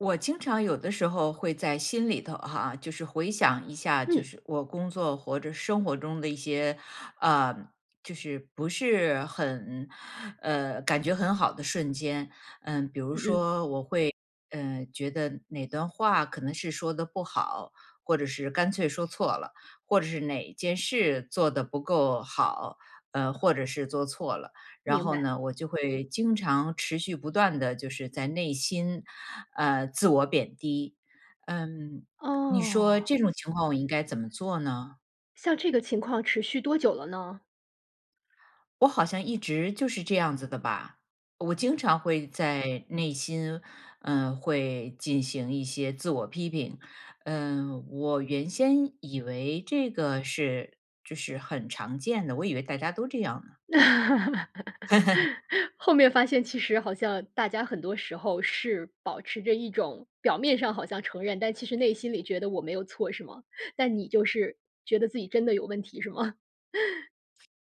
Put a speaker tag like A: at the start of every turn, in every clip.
A: 我经常有的时候会在心里头哈，就是回想一下，就
B: 嗯。
A: 是我工作或者生活中的一些，呃，就是不是很，呃，感觉很好的瞬间。嗯，比如
B: 嗯，嗯。
A: 说我会，嗯，觉得哪段话可能是说得不好，或者是干脆说错了，或者是哪件事做得不够好，呃，或者是做错了。然
B: 明
A: 后
B: 白。
A: 呢，我就会经常持续不断地就是在内心，呃，自我贬低，嗯。你说
B: 哦。
A: 这种情况我应该怎么做呢？
B: 像这个情况持续多久了呢？
A: 我好像一直就是这样子的吧？我经
B: 嗯。
A: 常会在内心，嗯，会进行一些自我批评，嗯。我原先以为这个是就是很常见的，我以为大家都这样呢。
B: 那 后面发现其实好像大家很多时候是保持着一种-表面上好像承认，但其实内心里觉得：“我没有错”，是吗？但你就是觉得自己真的有问题，是吗？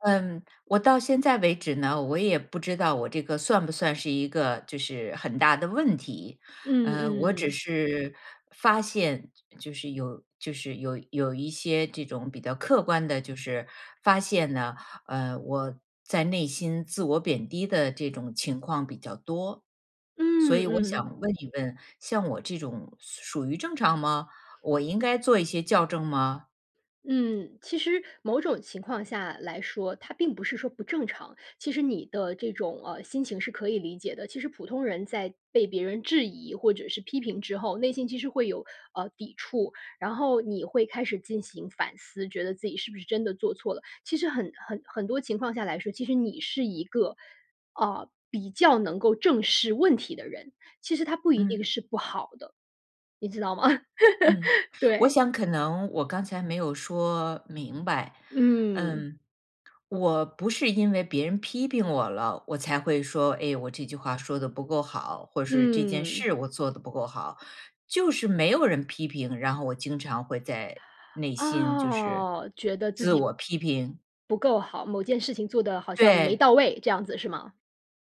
A: 嗯。我到现在为止呢，我也不知道我这个算不算是一个就是很大的问题。
B: 嗯，
A: 呃，我只
B: 嗯。
A: 是发现，就就是有就是有有一些这种比较客观的就是，发现呢，呃，我在内心自我贬低的这种情况比较多。所
B: 嗯，
A: 以我
B: 嗯。
A: 想问一问-像我这种属-属于正常吗？我应该做一些校正吗？
B: 嗯。其实某种情况下来说，它并不是说不正常。其实你的这种，呃，心情是可以理解的。其实普通人在被别人质疑或者是批评之后，内心其实会有，呃，抵触。然后你会开始进行反思，觉得自己是不是真的做错了。其实很很很多情况下来说，其实你是一个，呃，比较能够正视问题的人。其实它不一
A: 嗯。
B: 定是不好的，你知道吗？
A: 嗯。我
B: 对。
A: 想可能我刚才没有说明白，
B: 嗯。
A: 嗯。我不是因为别人批评我了，我才会说-哎，我这句话说得不够好，或是这件
B: 嗯。
A: 事我做得不够好。就是没有人批评，然后我经常会在内心，就是，
B: 啊，觉得自
A: 自
B: 己
A: 我批评。
B: 不够好，某件事情做得好像没
A: 对。
B: 到位，这样子是吗？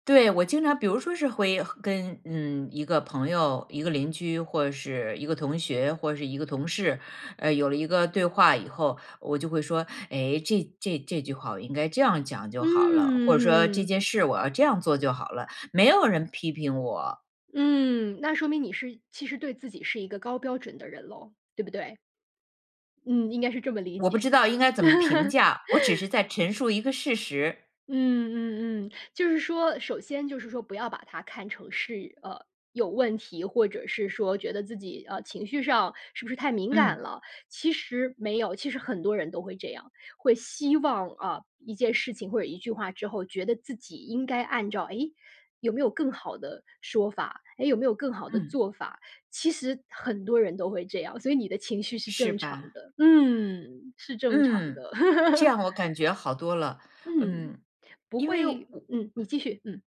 A: 对，我经常比如说是会和跟嗯，一个朋友、一个邻居，或是一个同学，或是一个同事，呃，有了一个对话以后，我就会说：“哎，这这这句话我应该这样讲就好了。”或者说：“这
B: 嗯。
A: 件事我要这样做就好了。”没有人批评我。
B: 嗯，那说明你是其实对自己是一个高标准的人咯，对不对？嗯，应该是这么理
A: 我不
B: 解。
A: 知道应该怎么评价，我只是 在陈述一个事实。
B: 嗯嗯嗯。就是说首先就是说不要把它看成是，呃，有问题，或者是说觉得自己，呃，情绪上是不是太敏感
A: 嗯。
B: 了。其实没有，其实很多人都会这样。会希望，啊，一件事情或者一句话之后，觉得自己应该按照-诶，有没有更好的说法？诶，有没有更好的
A: 嗯。
B: 做法？其实很多人都会这样，所以你的情绪是
A: 是
B: 正常
A: 吧。
B: 的。嗯，是正常
A: 嗯，
B: 的。
A: 这 样我感觉好多了，
B: 嗯，
A: 嗯。
B: 不
A: 因为我
B: 会嗯，你继续，嗯。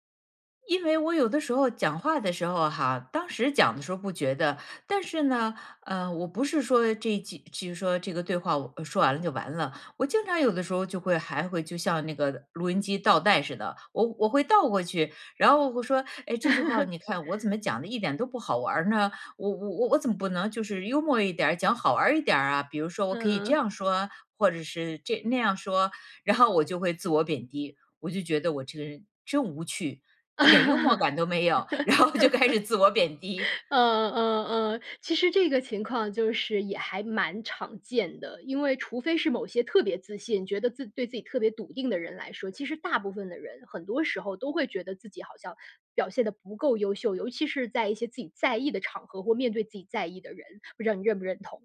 A: 因为我有的时候讲话的时候哈，当时讲的时候不觉得。但是呢，呃，我不是说这几就是说这个对话，我呃说完了就完了。我经常有的时候就会还会就像那个录音机倒带似的，我我会倒过去，然后我说：“哎，这句话你看，我怎 么讲得一点都不好玩儿呢？我我我我怎么不能就是幽默一点儿、讲好玩儿一点儿啊？“比如说-我可以这
B: 嗯。
A: 样说？或者是这那样说？然后我就会自我贬低，我就觉得我这个人真无趣，一点幽默
B: 嗯
A: 感都没有，然后就开始自我贬低。
B: 嗯嗯。其实这个情况就是也还蛮常见的。因为除非是某些特别自信，觉得自对自己特别笃定的人来说，其实大部分的人，很多时候都会觉得自己好像表现得不够优秀，尤其是在一些自己在意的场合、或面对自己在意的人，不知道你认不认同？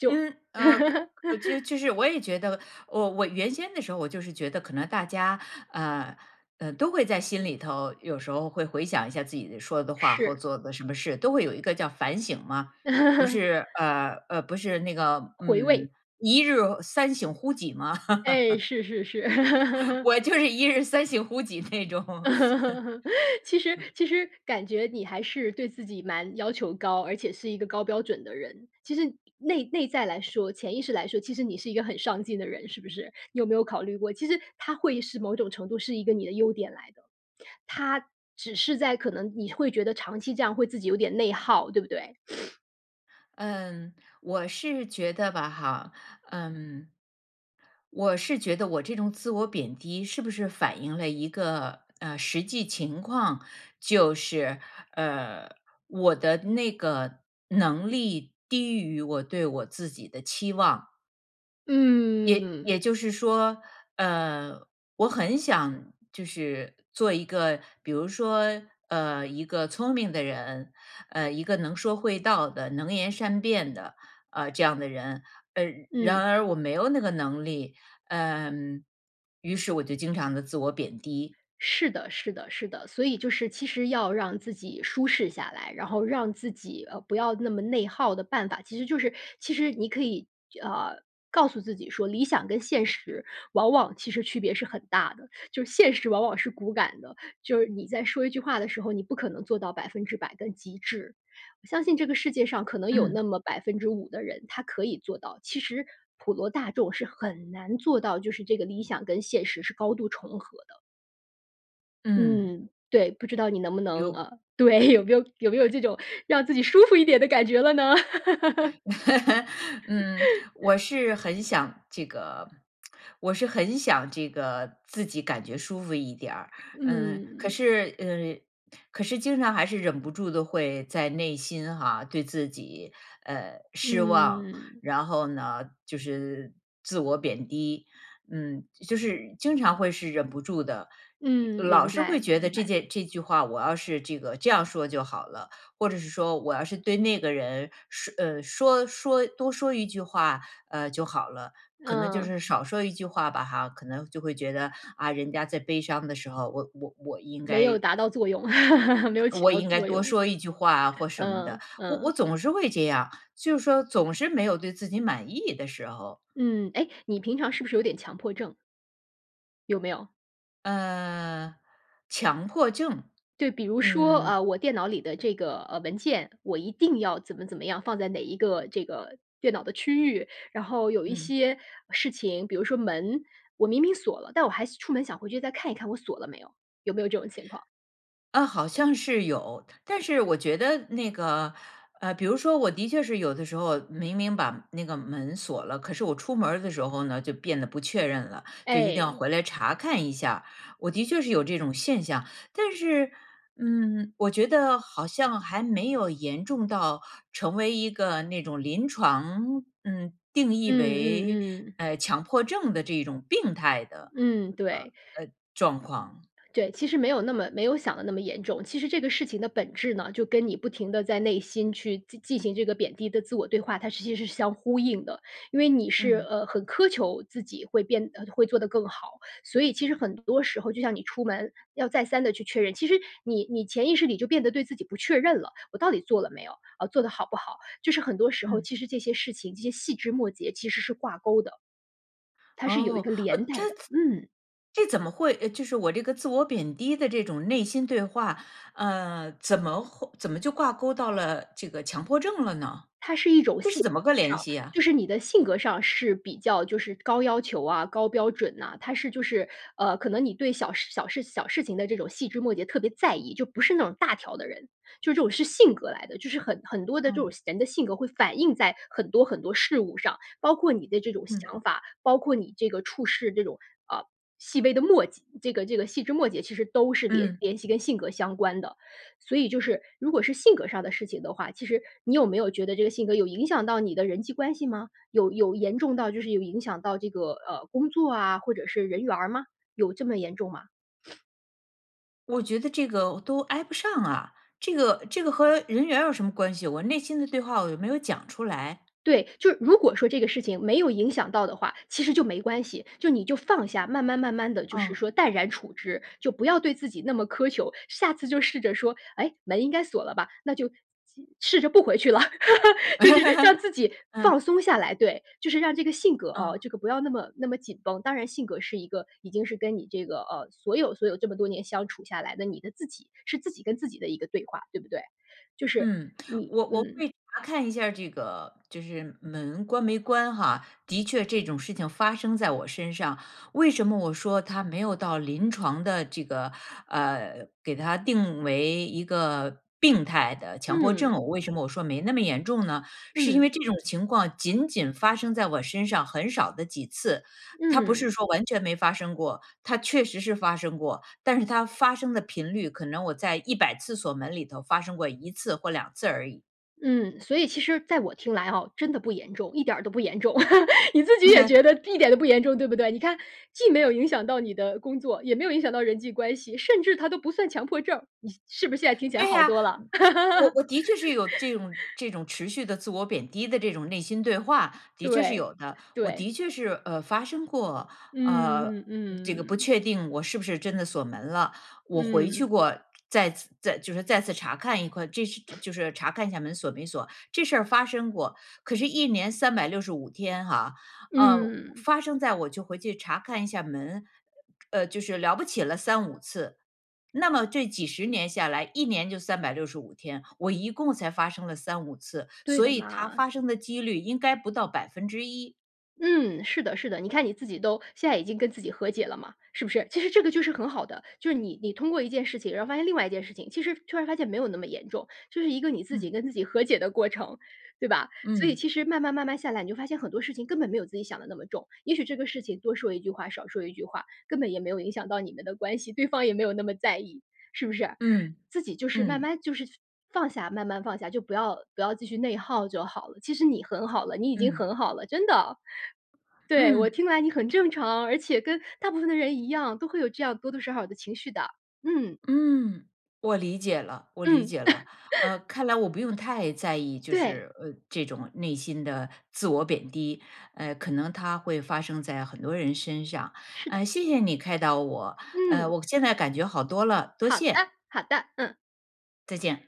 B: 就
A: 嗯 呃，可可就就是我也觉得，哦，我原先的时候我就是觉得可能大家，呃，呃都会在心里头，有时候会回想一下自己的说的话或
B: 是。
A: 做的什么事，都会有一个叫反省嘛。不是 呃，呃，不是那个，
B: 回味。
A: 嗯：“一日三省乎己”吗？
B: 哎，是是是。
A: 我就是一日三行乎己那种。
B: 其实 其实感觉你还是对自己蛮要求高，而且是一个高标准的人。其实内内在来说，潜意识来说，其实你是一个很上进的人，是不是？你有没有考虑过其实它会是某种程度是一个你的优点来的。它只是在可能你会觉得长期这样会自己有点内耗，对不对？
A: 嗯。我是觉得吧哈，嗯我是觉得我这种自我贬低是不是反映了一个，呃实际情况。就是，呃，我的那个能力低于我对我自己的期望。也
B: 嗯。
A: 也就是说，呃，我很想就是做一个，比如说，呃，一个聪明的人，呃，一个能说会道的、能言善辩的，呃，这样的人，嗯然
B: 嗯。
A: 而我没有那个能力，呃，于是我就经常地自我贬低。
B: 是的，是的，是的。所以就是其实要让自己舒适下来，然后让自己，呃，不要那么内耗的办法，其实就是其实你可以就呃，告诉自己说：“理想跟现实往往其实区别是很大的，就是现实往往是骨感的。就是你在说一句话的时候，你不可能做到100%的极致。我相信这个世界上可能有那
A: 嗯。
B: 么5%的人，他可以做到。其实普罗大众是很难做到，就是这个理想跟现实是高度重合的。
A: 嗯。
B: 嗯，对。不知道你能不能，
A: 有
B: 呃，对 有没有有没有这种让自己舒服一点的感觉了呢？
A: 嗯，我 是很想这个 我是很想这个自己感觉舒服一点儿。嗯，可
B: 嗯。
A: 是，呃，可是经常还是忍不住地会在内心哈，对自己，呃，失望，
B: 嗯。
A: 然后呢，就是自我贬低。嗯，就是经常会是忍不住的，又
B: 嗯，
A: 老
B: 明
A: 是会
B: 白，
A: 觉得
B: 明
A: 这
B: 白。
A: 件这句话我要是这个这样说就好了，或者是说我要是对那个人说呃，说说多说一句话，呃，就好了。可能就
B: 嗯。
A: 是少说一句话吧哈，可能就会觉得-啊，人家在悲伤的时候，我我我应
B: 没有
A: 该
B: 达到作用，没有起
A: 我
B: 到
A: 应该
B: 作
A: 多
B: 用。
A: 说一句话啊或什么的。
B: 嗯，
A: 我我
B: 嗯。
A: 总是会这样，就是说总是没有对自己满意的时候。
B: 嗯。哎？你平常是不是有点强迫症？有没有？
A: 呃，强迫症，
B: 对，比如说，
A: 嗯。
B: 呃，我电脑里的这个，呃，文件，我一定要怎么怎么样，放在哪一个这个电脑的区域。然后有一
A: 嗯。
B: 些事情，比如说门，我明明锁了，但我还是出门想回去再看一看我锁了没有，有没有这种情况？
A: 呃，好像是有。但是我觉得那个，呃比如说我的确是有的时候明明把那个门锁了，可是我出门儿的时候呢，就变得不确认了，就一定要
B: 哎。
A: 回来查看一下，我的确是有这种现象。但是，嗯，我觉得好像还没有严重到成为一个那种临床，嗯定义
B: 嗯，嗯，
A: 为，
B: 嗯。
A: 呃，强迫症的这一种病态的，
B: 嗯，
A: 呃，呃，
B: 对。
A: 状况。
B: 对，其实没有那么没有想的那么严重。其实这个事情的本质呢，就跟你不停地在内心去进进行这个贬低的自我对话，它是其实是相呼应的。因为你是，
A: 嗯。
B: 呃，很苛求自己会变呃，会做得更好。所以其实很多时候就像你出门要再三地去确认，其实你你潜意识里就变得对自己不确认了-我到底做了没有？呃，做得好不好？就是很多时候，
A: 嗯。
B: 其实这些事情、这些细枝末节其实是挂钩的。它是有一
A: 哦，
B: 个
A: 呃，
B: 连
A: 它
B: 带的，嗯。
A: 这怎么会呃，就是我这个自我贬低的这种内心对话，呃，怎么会怎么就挂钩到了这个强迫症了呢？
B: 它是一种
A: 这
B: 性
A: 是怎么个
B: 格
A: 联
B: 上
A: 系呀？
B: 就是你的性格上是比较就是高要求啊、高标准呐。它是就是，呃，可能你对小事小事小事情的这种细枝末节特别在意，就不是那种大条的人。就是这种是性格来的，就是很很多的这种
A: 嗯。
B: 性人的性格会反映在很多很多事物上，包括你的这种
A: 嗯。
B: 想法，包括你这个处事这种，啊，细微的末节这个这个细枝末节其实都是联
A: 嗯。
B: 联系跟性格相关的。所以就是如果是性格上的事情的话，其实你有没有觉得这个性格有影响到你的人际关系吗？有有严重到就是有影响到这个，呃，工作啊，或者是人缘儿吗？有这么严重吗？
A: 我觉得这个我都挨不上啊，这个这个和人缘儿有什么关系，我内心的对话我又没有讲出来。
B: 对。就是如果说这个事情没有影响到的话，其实就没关系，就你就放下，慢慢慢慢地就是
A: 哦。
B: 说淡然处之，就不要对自己那么苛求。下次就试着说：“哎，门应该锁了吧？那就既试着不回去了。就是让自己
A: 嗯。
B: 放松下来，对。就是让这个性格啊，
A: 嗯。
B: 这个不要那么那么紧绷。当然性格是一个已经是跟你这个，呃，所有，所有这么多年相处下来的，你的自己是自己跟自己的一个对话，对不对？就是，
A: 嗯。
B: 你
A: 我我
B: 嗯。
A: 会查看一下儿这个就是门关没关哈，的确这种事情发生在我身上。为什么我说它没有到临床的这个，呃，给它定为一个病态的强迫
B: 嗯。
A: 症，为什么我说没那么严重呢？是因
B: 嗯。
A: 为这种情况仅仅发生在我身上很少的几次。它不是
B: 嗯。
A: 说完全没发生过。它确实是发生过，但是它发生的频率可能我在100次锁门里头发生过1次或2次而已。
B: 嗯。所以其实在我听来哦，真的不严重，一点儿都不严重。你自己也觉 得一点都不严重，对不对？你看-既没有影响到你的工作，也没有影响到人际关系，甚至它都不算强迫症儿，你是不是现在听起来
A: 对
B: 好
A: 呀。
B: 多啦。
A: 我我我的确是有这种 这种持续的自我贬低的这种内心对话，的确是
B: 对，
A: 有的。我
B: 对。
A: 的确是，呃，发生过，呃，嗯
B: 嗯，
A: 这个不
B: 嗯。
A: 确定我是不是真的锁门了，我回去
B: 嗯。
A: 过再次再就是再次查看一块这是这就是查看一下门锁没锁。这事儿发生过。可是1年365天哈，呃
B: 嗯。
A: 发生在我就回去查看一下门，呃就是了不起了3-5次。那么这几十年下来，1年就365天，我一共才发生了3-5次，
B: 对
A: 所
B: 的
A: 以它
B: 嘛。
A: 发生的几率应该不到1%。
B: 嗯，是的，是的。你看你自己都现在已经跟自己和解了嘛，是不是？其实这个就是很好的，就是你你通过一件事情，然后发现另外一件事情，其实突然发现没有那么严重，就是一个你自己
A: 嗯。
B: 跟自己和解的过程，对吧？所以
A: 嗯。
B: 其实慢慢，慢慢下来，你就发现很多事情根本没有自己想得那么重。也许这个事情多说一句话，少说一句话，根本也没有影响到你们的关系，对方也没有那么在意，是不是？
A: 嗯，
B: 自己就是慢
A: 嗯。
B: 慢就是放下，慢慢放下。就不要不要继续内耗就好了。其实你很好了，你已经
A: 嗯。
B: 很好了，真的。对，我
A: 嗯。
B: 听来你很正常，而且跟大部分的人一样，都会有这样多多少少的情绪的。嗯。
A: 嗯。我理解了，我理
B: 嗯。
A: 解了。呃，看来我不用太在意，就
B: 对。
A: 是，呃，这种内心的自我贬低。呃，可能它会发生在很多人身上，
B: 是的。
A: 呃，谢谢你开导我，呃，
B: 嗯。
A: 我现在感觉好多了，多
B: 好的，
A: 谢。
B: 好的，嗯。
A: 再见。